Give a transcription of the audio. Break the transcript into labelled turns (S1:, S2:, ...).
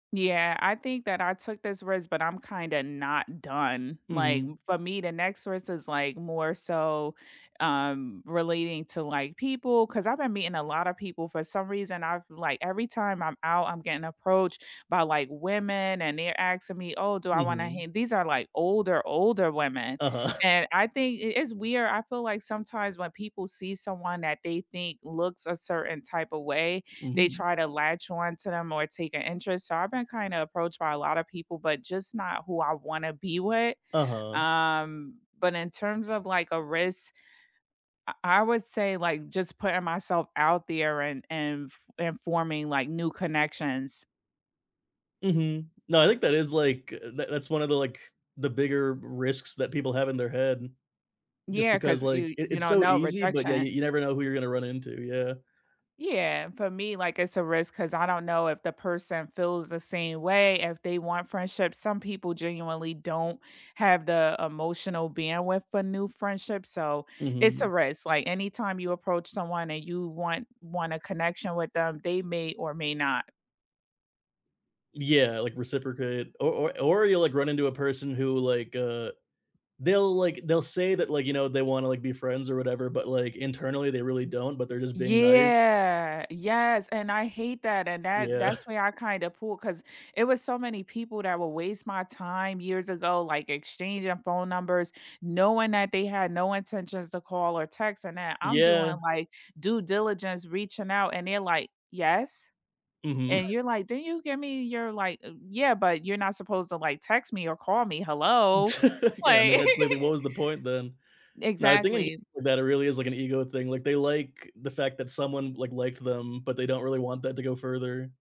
S1: Yeah, I think that I took this risk, but I'm kinda not done. Like,
S2: Mhm.
S1: for me, the next risk is, like, more so, um, relating to, like, people, 'cause I've been meeting a lotta people for some reason, I've, like, every time I'm out, I'm getting approached by, like, women and they're asking me, "Oh, do I want to
S2: Mhm.
S1: h" these are like older, older women.
S2: Uh-huh.
S1: And I think it it's weird I feel like sometimes when people see someone that they think looks a certain type of way, they
S2: Mhm.
S1: try to latch on to them or take a interest. So I've been kinda approached by a lotta people, but just not who I wanna be with.
S2: Uh-huh.
S1: Um, but in terms of, like, a risk, I I would say like just putting myself out there and and, f and forming, like, new connections.
S2: Mhm. No, I think that is, like, that that's one of the, like, the bigger r risks that people have in their head. Just
S1: Yeah,
S2: because,
S1: 'cause
S2: like,
S1: you
S2: it
S1: you
S2: it's
S1: don't
S2: so
S1: know,
S2: easy, but yeah, you
S1: rejection.
S2: you never know who you're gonna run into, yeah.
S1: Yeah, for me, like, it's a risk 'cause I don't know if the person feels the same way. If they want friendship some people genuinely don't have the emotional bandwidth for new friendships, so it's a
S2: Mhm.
S1: risk, like anytime you approach someone and you want wanna connection with them, they may or may not.
S2: Yeah, like reciprocate, or or or you'll, like, run into a person who like, uh, they'll, like they'll say that, like, you know, they wanna like be friends or whatever, but, like, internally they really don't, but they're just being nice.
S1: Yeah, yes, and I hate that, and that
S2: Yeah.
S1: that's where I kinda pull 'cause it was so many people that would waste my time years ago, like exchanging phone numbers, knowing that they had no intentions to call or text, and that I'm
S2: Yeah.
S1: doing, like, due diligence, reaching out, and they're, like, "Yes?"
S2: Mhm.
S1: and you're, like, "Didn't you give me your like" "uh yeah, but you're not supposed to like text me or call me, hello,"
S2: Yeah, I mean,
S1: like
S2: that really what was the point then. Now, I think
S1: Exactly.
S2: that it really is like an ego thing, like, they like the fact that someone, like, liked them, but they don't really want that to go further.